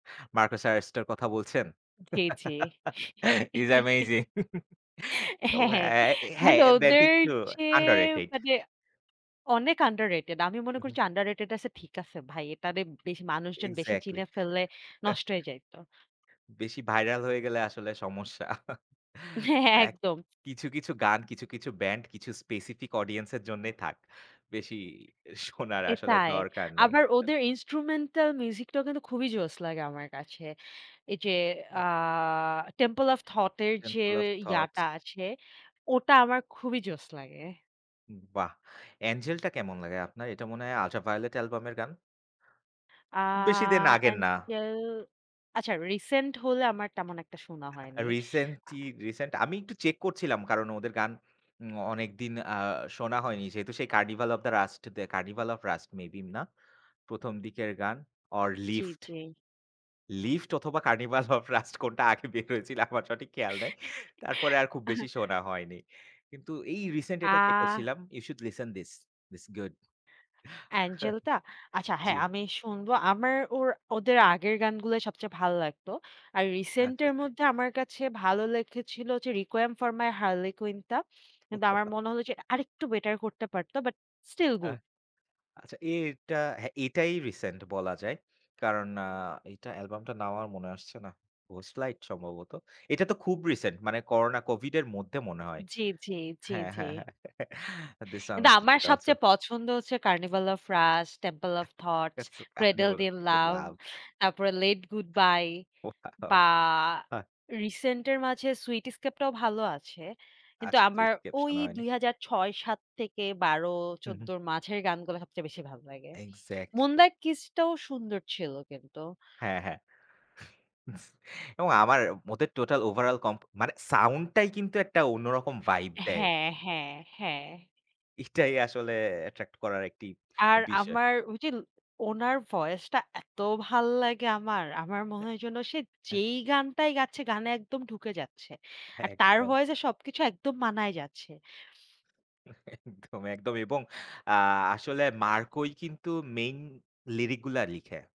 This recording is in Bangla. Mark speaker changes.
Speaker 1: মার্কোস আরেস্টের কথা বলছেন?
Speaker 2: জি, জি।
Speaker 1: হিস অ্যামেজিং! ও
Speaker 2: হ্যাঁ, হ্যাঁ।
Speaker 1: অ্যা হ্যাঁ,
Speaker 2: মানে
Speaker 1: দ্যাট
Speaker 2: ওদের
Speaker 1: একটু
Speaker 2: যে
Speaker 1: আন্ডার রেটেড।
Speaker 2: মানে, অনেক আন্ডার রেটেড। আমি মনে
Speaker 1: হুম, হুম।
Speaker 2: করছি, আন্ডার রেটেড আছে ঠিক আছে ভাই, এটারে বেশি মানুষজন বেশি
Speaker 1: এক্সাক্টলি!
Speaker 2: চিনে ফেললে,
Speaker 1: হ্যাঁ।
Speaker 2: নষ্ট হয়ে যাইত।
Speaker 1: বেশি ভাইরাল হয়ে গেলে আসলে সমস্যা।
Speaker 2: হ্যাঁ,
Speaker 1: এক
Speaker 2: একদম।
Speaker 1: কিছু, কিছু গান কিছু, কিছু ব্যান্ড কিছু, স্পেসিফিক অডিয়েন্স এর জন্যই থাক। বেশি শোনার আসলে
Speaker 2: এটাই।
Speaker 1: দরকার নেই।
Speaker 2: আবার
Speaker 1: সা
Speaker 2: ওদের ইন্সট্রুমেন্টাল মিউজিকটাও কিন্তু খুবই জোস লাগে আমার কাছে। এই যে আ
Speaker 1: আ
Speaker 2: টেম্পল অফ থট এর যে
Speaker 1: টেম্পল অফ থটস।
Speaker 2: ইয়াটা আছে, ওটা আমার খুবই জোস লাগে।
Speaker 1: বাহ! অ্যাঞ্জেলটা কেমন লাগে আপনার? এটা মনে হয় আল্ট্রা ভায়োলেট অ্যালবামের গান?
Speaker 2: আ
Speaker 1: খুব বেশি দিন আগের না।
Speaker 2: এঞ্জেল, আচ্ছা রিসেন্ট হলে আমার তেমন একটা শোনা
Speaker 1: আ
Speaker 2: হয়নি।
Speaker 1: রিসেন্টলি,
Speaker 2: আ
Speaker 1: রিসেন্ট আমি একটু চেক করছিলাম, কারণ ওদের গান উম অনেকদিন আ শোনা হয়নি। যেহেতু সেই Carnival of the Rust, Carnival of Rust maybe না। ১ম দিকের গান ওর
Speaker 2: জি,
Speaker 1: লিফট।
Speaker 2: জি।
Speaker 1: লিফট অথবা কার্নিভাল অফ রাস্ট কোনটা আগে বের হয়েছিল আমার সঠিক খেয়াল নাই। তারপরে আর খুব বেশি শোনা হয়নি। কিন্তু এই রিসেন্ট এটা চেক
Speaker 2: আহ
Speaker 1: করছিলাম, you should listen this, this is good.
Speaker 2: অ্যাঞ্জেলটা? আচ্ছা হ্যাঁ,
Speaker 1: জি।
Speaker 2: আমি শুনবো। আমার ওর ওদের আগের গানগুলো সবচেয়ে ভালো লাগত, আর রিসেন্ট
Speaker 1: আচ্ছা,
Speaker 2: এর
Speaker 1: আচ্ছা।
Speaker 2: মধ্যে আমার কাছে ভালো লেগেছিল যে, Requiem for My Harlequin টা কিন্তু, আমার মনে হল যে আরেকটু বেটার করতে পারতো বাট স্টিল
Speaker 1: আহ
Speaker 2: গুড।
Speaker 1: আচ্ছা, এটা হ্যাঁ, এটাই রিসেন্ট বলা যায়। কারণ আ এটা অ্যালবামটা নাম মনে আসছে না। ঘোস্ট লাইট সম্ভবত। এটা তো খুব রিসেন্ট মানে, করোনা কোভিডের মধ্যে মনে হয়
Speaker 2: জি, জি, জি,
Speaker 1: হ্যাঁ,
Speaker 2: জি।
Speaker 1: হ্যাঁ, হ্যাঁ। থিস
Speaker 2: কিন্তু
Speaker 1: সংস ইস
Speaker 2: আমার
Speaker 1: গুড আলসো।
Speaker 2: সবচেয়ে পছন্দ হচ্ছে Carnival of Rust, Temple of Thought,
Speaker 1: আপনি
Speaker 2: ক্রেডেলড
Speaker 1: বলুন
Speaker 2: ইন
Speaker 1: [unintelligible]
Speaker 2: লাভ,
Speaker 1: লাভ।
Speaker 2: তারপরে লেট গুড বাই
Speaker 1: অয়াও!
Speaker 2: বা
Speaker 1: হ্যাঁ।
Speaker 2: রিসেন্ট এর মাঝে, সুইট স্কেপ টাও ভালো আছে। কিন্তু
Speaker 1: আচ্ছা। তো
Speaker 2: আমার
Speaker 1: স্কেপ
Speaker 2: ওই
Speaker 1: শোনা হয়নি?
Speaker 2: ২০০৬-৭ থেকে
Speaker 1: হুম,
Speaker 2: ১২-১৪
Speaker 1: হুম।
Speaker 2: এর মাঝের গানগুলো সবচেয়ে বেশি ভালো লাগে।
Speaker 1: এক্সাক্টলি।
Speaker 2: মুনলাইট কিস টাও সুন্দর ছিল কিন্তু।
Speaker 1: হ্যাঁ, হ্যাঁ। এবং আমার ওদের টোটাল ওভারঅল কম্প মানে সাউন্ড টাই কিন্তু একটা অন্যরকম ভাইব দেয়।
Speaker 2: হ্যাঁ, হ্যাঁ, হ্যাঁ।
Speaker 1: এটাই আসলে অ্যাট্রাক্ট করার একটি
Speaker 2: আর
Speaker 1: বিষয়।
Speaker 2: আমার, ঐযে উনার ভয়েসটা এত ভাল লাগে আমার। আমার মনে হয় যেন, সে
Speaker 1: হ্যাঁ।
Speaker 2: যেই গানটাই গাচ্ছে, গানে একদম ঢুকে যাচ্ছে। আর তার
Speaker 1: একদম।
Speaker 2: ভয়েস এ সবকিছু একদম মানাই যাচ্ছে।
Speaker 1: একদম, একদম। এবং আ আসলে মার্কোই কিন্তু মেইন লিরিক গুলা লিখে।